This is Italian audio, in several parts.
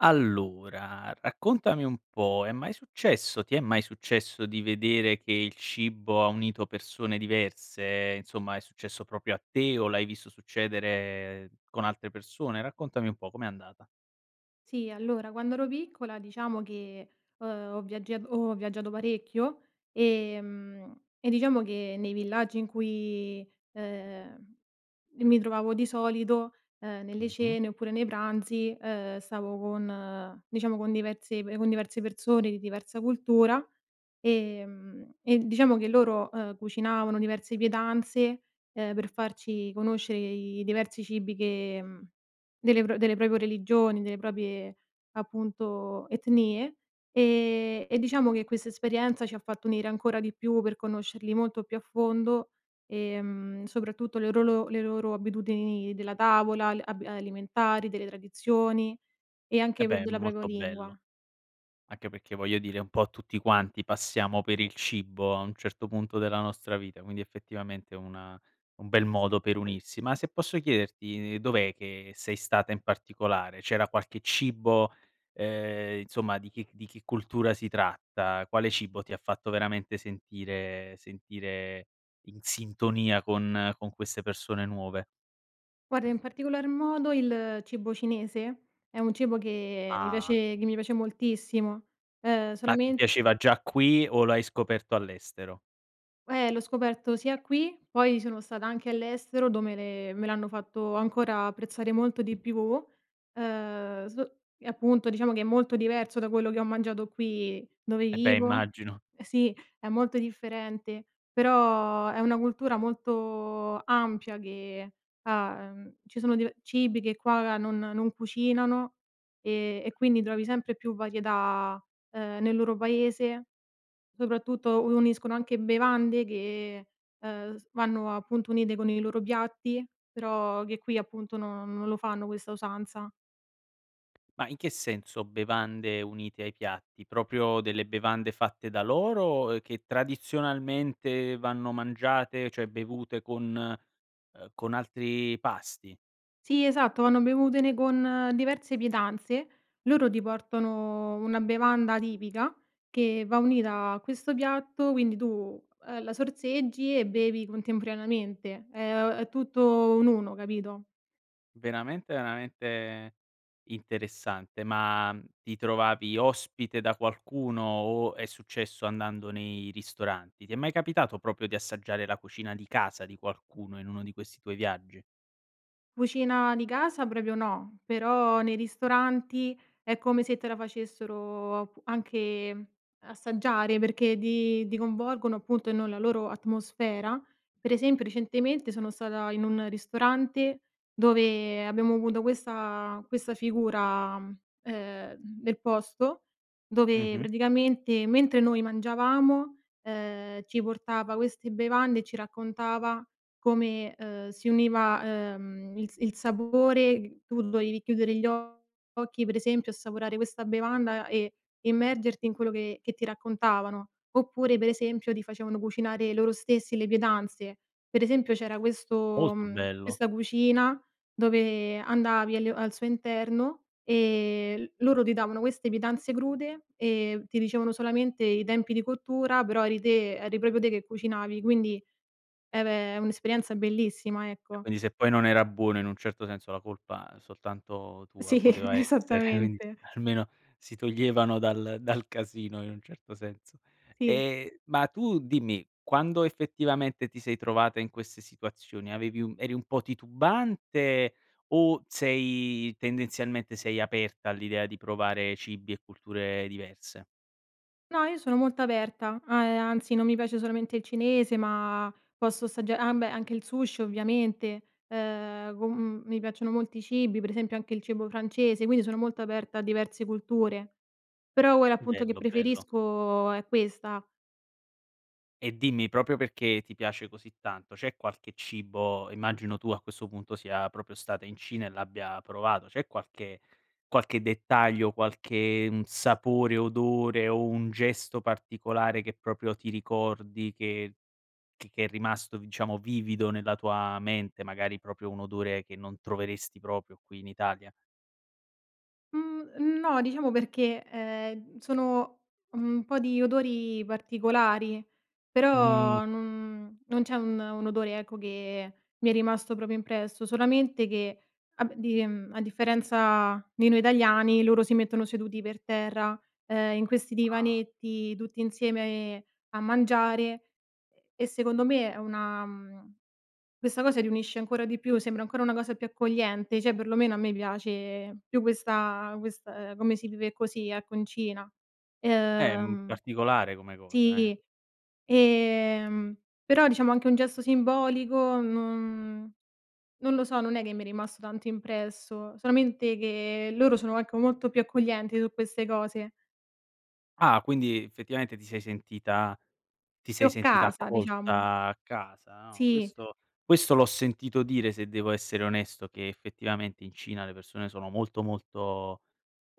Allora, raccontami un po': è mai successo ti è mai successo di vedere che il cibo ha unito persone diverse, insomma è successo proprio a te o l'hai visto succedere con altre persone? Raccontami un po', com'è andata? Sì. Allora quando ero piccola diciamo che, ehm, ho viaggia ehm, ho viaggiato parecchio, ehm, e diciamo che nei villaggi in cui, ehm, mi trovavo di solito, ehm, nelle Mh-mh. cene oppure nei pranzi, ehm, stavo con diciamo con diverse con diverse persone, di diversa cultura. Ehm, e diciamo che loro, uhm, cucinavano diverse pietanze, ehm, per farci conoscere i diversi cibi che mhmm, del delle proprie religioni, delle proprie appunto etnie, ehm, e diciamo che questa esperienza ci ha fatto unire ancora di più, per conoscerli molto più a fondo, ehm, soprattutto le rolo le loro abitudini della tavola, le ab alimentari, delle tradizioni e Eh, anche beh, è della propria molto bello! lingua. Anche perché voglio dire un po' tutti quanti passiamo per il cibo, a un certo punto della nostra vita, quindi effettivamente una un bel modo per unirsi. Ma se posso chiederti, ehm, dov'è che sei stata in particolare? C'era qualche cibo, ehm, insomma di chi di che cultura si tratta? Quale cibo ti ha fatto veramente sentire sentire in sintonia con con queste persone nuove? Guarda, in particolar modo il cibo cinese, è un cibo che mi Ah. piace che mi piace moltissimo, ehm Ma ti solame piaceva già qui o lo hai scoperto all'estero? Ehm, l'ho scoperto sia qui, poi sono stata anche all'estero dove le me l'hanno fatto ancora apprezzare molto di più, ehm, so e appunto diciamo che è molto diverso da quello che ho mangiato qui dove Eh, beh, vivo. immagino. Sì è molto differente, però è una cultura molto ampia che, uhm, ci sono dive cibi che qua non non cucinano, ehm, e quindi trovi sempre più varietà, ehm, nel loro paese, soprattutto uniscono anche bevande che, ehm, vanno appunto unite con i loro piatti, però che qui appunto non non lo fanno questa usanza. Ma in che senso bevande unite ai piatti, proprio delle bevande fatte da loro, ehm, che tradizionalmente vanno mangiate, cioè bevute, con ehm, con altri pasti? Sì, esatto, vanno bevute ne con diverse pietanze. Loro ti portano una bevanda tipica che va unita a questo piatto quindi tu, uhm, la sorseggi e bevi contemporaneamente. Ehm, è tutto un uno, capito? Veramente, veramente interessante. Ma, ti trovavi ospite da qualcuno o è successo andando nei ristoranti? Ti è mai capitato, proprio di assaggiare la cucina di casa di qualcuno, in uno di questi tuoi viaggi? Cucina di casa proprio, no. Però nei ristoranti è come se te la facessero, ap anche assaggiare perché di di coinvolgono appunto ehm, nella loro atmosfera. Pre esempio recentemente sono stata in un ristorante, dove abbiamo avuto questa questa figura, ehm, del posto, dove Mh-mh. praticamente mentre noi mangiavamo, ehm, ci portava queste bevande e ci raccontava come, ehm, si univa, uhm, il il sapore. Tu dovevi chiudere gli occhi pre esempio e assaporare questa bevanda e immergerti in quello che che ti raccontavano. Oppure pre esempio ti facevano cucinare loro stessi le pietanze. Pre esempio c'era questo, Molto mhmm, bello. questa cucina dove andavi al al suo interno, ehm, loro ti davano queste pietanze crude, ehm, ti dicevano solamente i tempi di cottura però eri te eri proprio te che cucinavi. Quindi, e beh, è un'esperienza bellissima E ecco. quindi se poi non era buono in un certo senso la colpa, soltanto tua Sì poteva essere, quind esattamente. almeno si toglievano dal dal casino in un certo senso. Sì. Ehm, ma tu dimmi: quando effettivamente ti sei trovata in queste situazioni avevi un eri un po' titubante o sei tendenzialmente sei aperta all'idea di provare cibi e culture diverse? No, io sono molto aperta, uhm, anzi non mi piace solamente il cinese ma posso assagg ah beh, anche il sushi ovviamente. Ehm, con mhmm, mi piacciono molti cibi, pre esempio anche il cibo francese, quindi sono molto aperta a diverse culture, però quella appunto che Bello, bello. preferisco è questa. E dimmi proprio perché ti piace così tanto, c'è qualche cibo- immagino tu a questo punto sia proprio stata in Cina e l'abbia provato- c'è qualche qualche dettaglio, qualche, mhmm, sapore, odore o un gesto particolare che proprio ti ricordi che che che è rimasto diciamo vivido nella tua mente, magari proprio un odore che non troveresti proprio qui in Italia? Mhmm, no diciamo perché, ehm, sono, mhmm, un po' di odori particolari Mh. però non non c'è un un odore ecco che mi è rimasto proprio impresso, solamente che a b di a differenza di noi italiani, loro si mettono seduti per terra, ehm, in questi Ah. divanetti tutti insieme, ehm, a mangiare e e secondo me è una mhmm, questa cosa riunisce ancora di più, sembra ancora una cosa più accogliente, cioè perlomeno a me piace, più questa quest come si vive così, ecco, in Cina. Ehm, Ehm, particolare come cosa, eh! sì, ehm, però diciamo anche un gesto simbolico non non lo so, non è che mi è rimasto tanto impresso, solamente che loro sono anche molto più accoglienti su queste cose. Ah, quindi effettivamente ti sei sentita ti Più sei a sentita casa diciamo. accolta, a casa, no. Sì. Questo questo l'ho sentito dire, se devo essere onesto, che effettivamente in Cina le persone sono molto, molto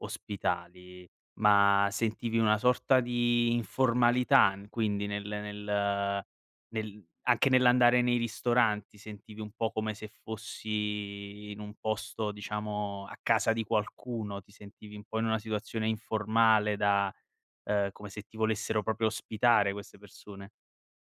ospitali. Ma sentivi una sorta di informalità in quindi nel nel nel anche nell'andare nei ristoranti, sentivi un po' come se fossi in un posto diciamo a casa di qualcuno, ti sentivi un po' in una situazione informale da ehm, come se ti volessero proprio ospitare queste persone?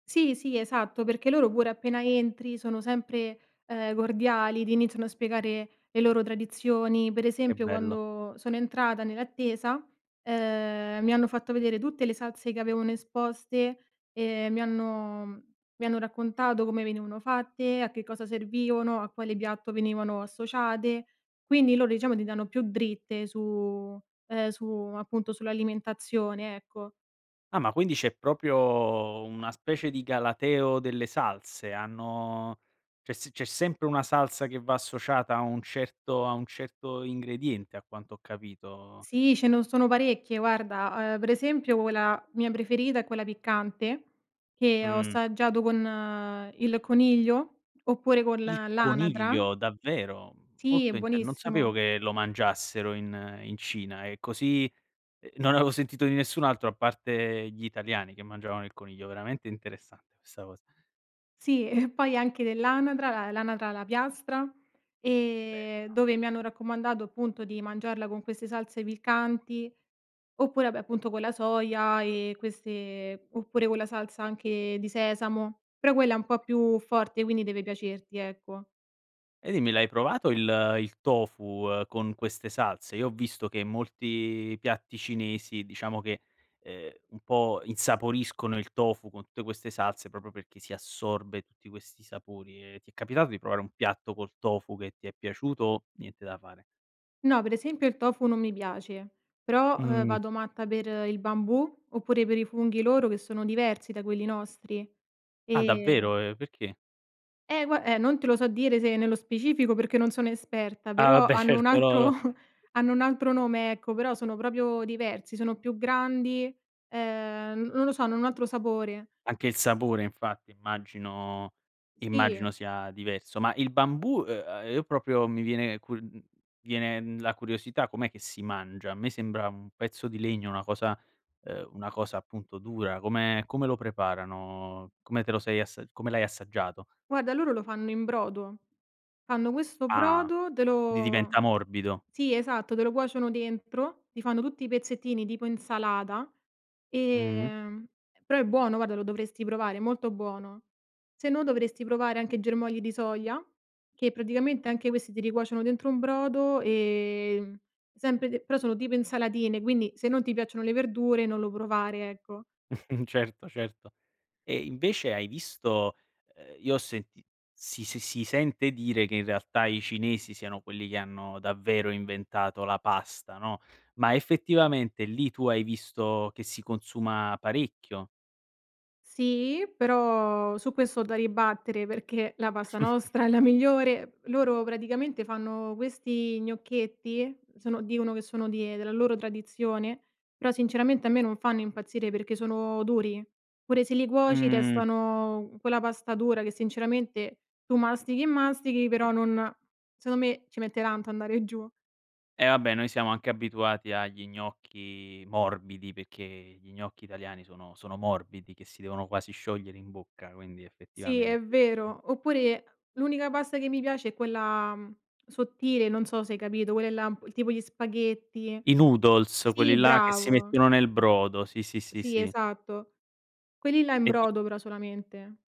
Sì, sì, esatto. Perché loro pure appena entri sono sempre, ehm, cordiali, ti iniziano a spiegare le loro tradizioni. Pre Che esempio bello! quando sono entrata nell'attesa, ehm, mi hanno fatto vedere tutte le salse che avevano esposte, ehm, e mi hanno, mhmm, mi hanno raccontato come venivano fatte, a che cosa servivano, a quale piatto venivano associate. Quindi loro diciamo ti danno più dritte su ehm, su appunto sull'alimentazione, ecco. Ah, ma quindi c'è proprio, mhmm, una specie di galateo delle salse. Hanno c'è s c'è sempre una salsa che va associata a un certo a un certo ingrediente a quanto ho capito? Sì, c'è ne sono parecchie guarda, uhm, pre esempio quella mia preferita è quella piccante che ho Mh. assaggiato con il coniglio oppure col Il l'anatra. coniglio, davvero? Sì è Molto int non sapevo buonissimo. che lo mangiassero in in Cina ehm, così. Non avevo sentito di nessun altro a parte gli italiani che mangiavano il coniglio. Veramente interessante questa cosa. Sì e poi anche dell'anatra, l l'anatra alla piastra, ehm, e Bella. dove mi hanno raccomandato appunto di mangiarla con queste salse piccanti oppure, vabbè appunto con la soia e queste, oppure con la salsa anche di sesamo, però quella è un po' più forte quindi deve piacerti ecco. E dimmi l'hai provato il il tofu, ehm, con queste salse? io ho visto che molti piatti cinesi diciamo che, ehm, un po' insaporiscono il tofu con tutte queste salse, proprio perché si assorbe tutti questi sapori e ti è capitato di provare un piatto col tofu che ti è piaciuto? Niente da fare. No, per esempio il tofu non mi piace, però, ehm, Mh. vado matta per il bambù oppure per i funghi loro che sono diversi da quelli nostri, Ah, ehm davvero? E perché? Eh gua eh, non te lo so dire se nello specifico perché non sono esperta, Ah, però vabbè hanno un certo, no, no. altro hanno un altro nome ecco, però sono proprio diversi sono più grandi, ehm, n non lo so, hanno un altro sapore. Anche il sapore infatti immagino immagino Si. sia diverso. Ma il bambù, ehm, io proprio mi viene cu mhmm, mi viene, mhmm, la curiosità, com'è che si mangia? A me sembra un pezzo di legno una cosa ehm, una cosa appunto dura. Come come lo preparano? Come te lo sei assag come l'hai assaggiato? Guarda, loro lo fanno in brodo. Fanno questo Ah, brodo, te quindi lo diventa morbido. sì esatto, te lo cuociono dentro, ti fanno tutti i pezzettini tipo insalata, Mh. ehm, però è buono guarda lo dovresti provare, è molto buono. Se no dovresti provare anche germogli di soia, che praticamente anche questi te li cuociono dentro un brodo, ehm, sempre de però sono tipo insalatine quindi se non ti piacciono le verdure non lo provare, ecco. Certo, certo e invece hai visto ehm, io ho senti si si si sente dire che in realtà i cinesi siano quelli che hanno davvero inventato la pasta, no, ma effettivamente lì tu hai visto che si consuma parecchio? Sì, però su questo ho da ribattere perché la pasta nostra è la migliore. Loro praticamente fanno questi gnocchetti, sono dicono che sono di della loro tradizione, però sinceramente a me non fanno impazzire perché sono duri. Pure se li cuoci Mh. restano quella pasta dura che sinceramente tu mastichi e mastichi però non secondo me ci mette tanto andare giù. Eh vabbè, noi siamo anche abituati agli gnocchi morbidi perché gli gnocchi italiani sono sono morbidi, che si devono quasi sciogliere in bocca, quindi Sì è effettivamente [unintelligible] vero, oppure l'unica pasta che mi piace è quella, mhmm, sottile, non so se hai capito quelle là un p tipo gli spaghetti I noodles, quelli sì là che si bravo. mettono nel brodo, sì, sì, sì, Sì sì. esatto, quelli là in E di brodo però solamente.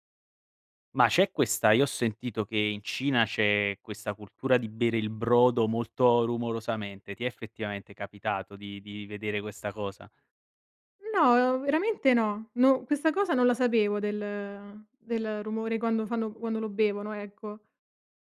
Ma c'è questa io ho sentito che in Cina c'è questa cultura di bere il brodo molto rumorosamente. Ti è effettivamente capitato di di vedere questa cosa? No, veramente no. No questa cosa non la sapevo del del rumore quando fanno quando lo bevono, ecco.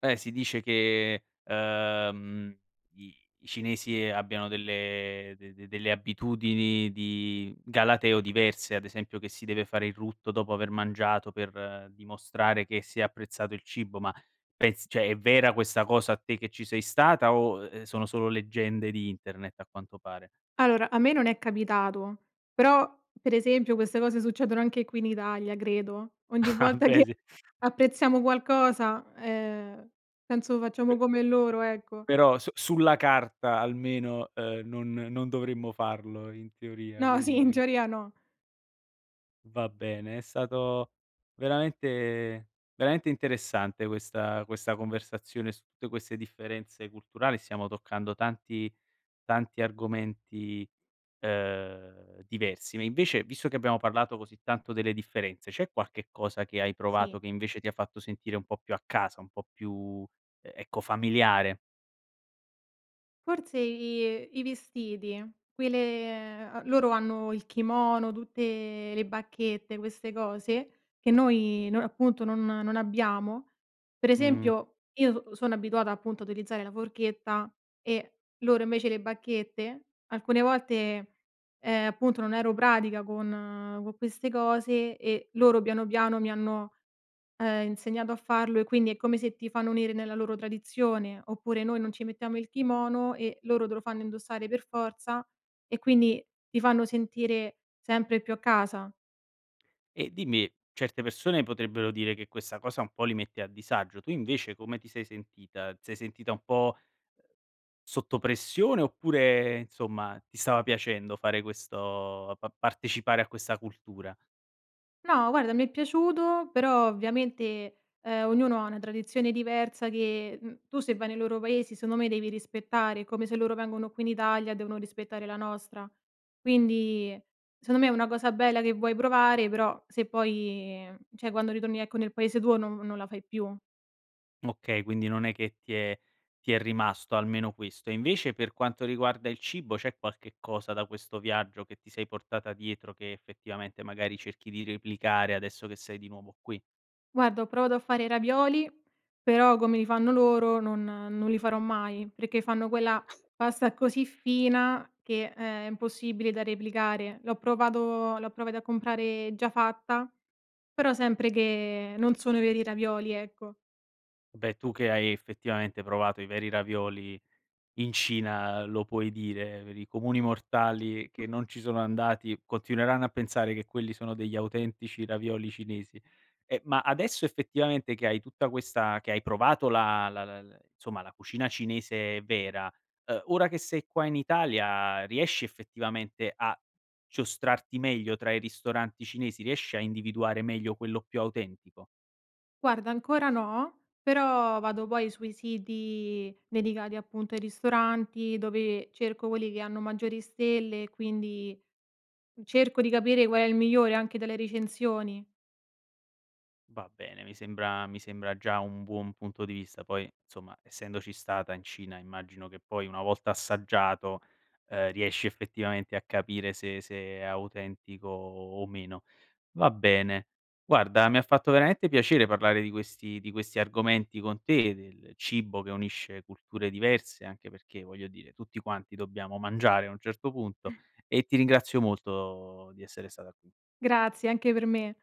Eh si dice che, uhm, i i cinesi abbiano delle de de delle abitudini di galateo diverse, ad esempio che si deve fare il rutto dopo aver mangiato, per dimostrare che si è apprezzato il cibo, ma pez cioè, è vera questa cosa te che ci sei stata o, ehm, sono solo leggende di internet a quanto pare? Allora, a me non è capitato, però per esempio queste cose succedono anche qui in Italia, credo. Ogni Ah, volta beh, che sì. apprezziamo qualcosa, ehm, penso Pe facciamo come loro, ecco. Però su sulla carta almeno, ehm, non non dovremmo farlo, in teoria, No, sì, in quindi. teoria no. Va bene, è stato veramente veramente interessante questa questa conversazione su tutte queste differenze culturali, stiamo toccando tanti tanti argomenti, ehm, diversi ma invece visto che abbiamo parlato così tanto delle differenze, c'è qualche cosa che hai provato Sì. che invece ti ha fatto sentire un po' più a casa, un po' più, e ecco, familiare? Forse i i vestiti. Qui le ehm, loro hanno il kimono tutte le bacchette, queste cose che noi noi appunto non non abbiamo, per Mh. esempio, io s sono abituata appunto a utilizzare la forchetta e loro invece le bacchette, alcune volte, ehm, appunto non ero pratica con co' queste cose e loro piano, piano mi hanno, ehm, insegnato a farlo e quindi è come se ti fanno unire nella loro tradizione, oppure noi non ci mettiamo il kimono e loro te lo fanno indossare per forza e quindi ti fanno sentire sempre più a casa. E dimmi, certe persone potrebbero dire che questa cosa un po' li mette a disagio, tu invece come ti sei sentita? Ti sei sentita un po' sotto pressione, oppure insomma, ti stava piacendo fare questo pa partecipare a questa cultura? No, guarda mi è piaciuto però ovviamente, ehm, ognuno ha una tradizione diversa che, mhmm, tu se vai nei loro paesi secondo me devi rispettare, come se loro vengono qui in Italia devono rispettare la nostra, quindi secondo me è una cosa bella che vuoi provare però se poi cioè, quando ritorni, ecco, nel paese tuo non non la fai più. Okay, quindi non è che ti è ti è rimasto almeno questo. E invece per quanto riguarda il cibo c'è qualche cosa da questo viaggio che ti sei portata dietro che effettivamente magari cerchi di replicare, adesso che sei di nuovo qui? Guarda, ho provato a fare i ravioli però come li fanno loro non non li farò mai, perché fanno quella [unintelligible] pasta così fina che, ehm, è impossibile da replicare. L'ho provato l'ho provati a comprare già fatta, però sempre che non sono i veri ravioli, ecco. Beh, tu che hai effettivamente provato i veri ravioli in Cina lo puoi dire, per i comuni mortali Mh. che non ci sono andati, continueranno a pensare che quelli sono degli autentici ravioli cinesi. Eh, ma adesso effettivamente che hai tutta questa che hai provato la la la l somma, la cucina cinese vera, ehm, ora che sei qua in Italia riesci effettivamente a giostrarti meglio tra i ristoranti cinesi? Riesci a individuare meglio quello più autentico? Guarda, ancora no, però vado poi sui siti dedicati, appunto, ai ristoranti, dove cerco quelli che hanno maggiori stelle e quindi cerco di capire qual è il migliore anche delle recensioni. Va bene, mi sembra mi sembra già un buon punto di vista, poi insomma, essendoci stata in Cina immagino che poi una volta assaggiato, ehm, riesci effettivamente a capire se se è autentico o o meno. Va bene. Guarda mi ha fatto veramente piacere parlare di questi di questi argomenti con te, del cibo che unisce culture diverse anche perché, voglio dire, tutti quanti dobbiamo mangiare a un certo punto e ti ringrazio molto di essere stata qui. Grazie, anche per me.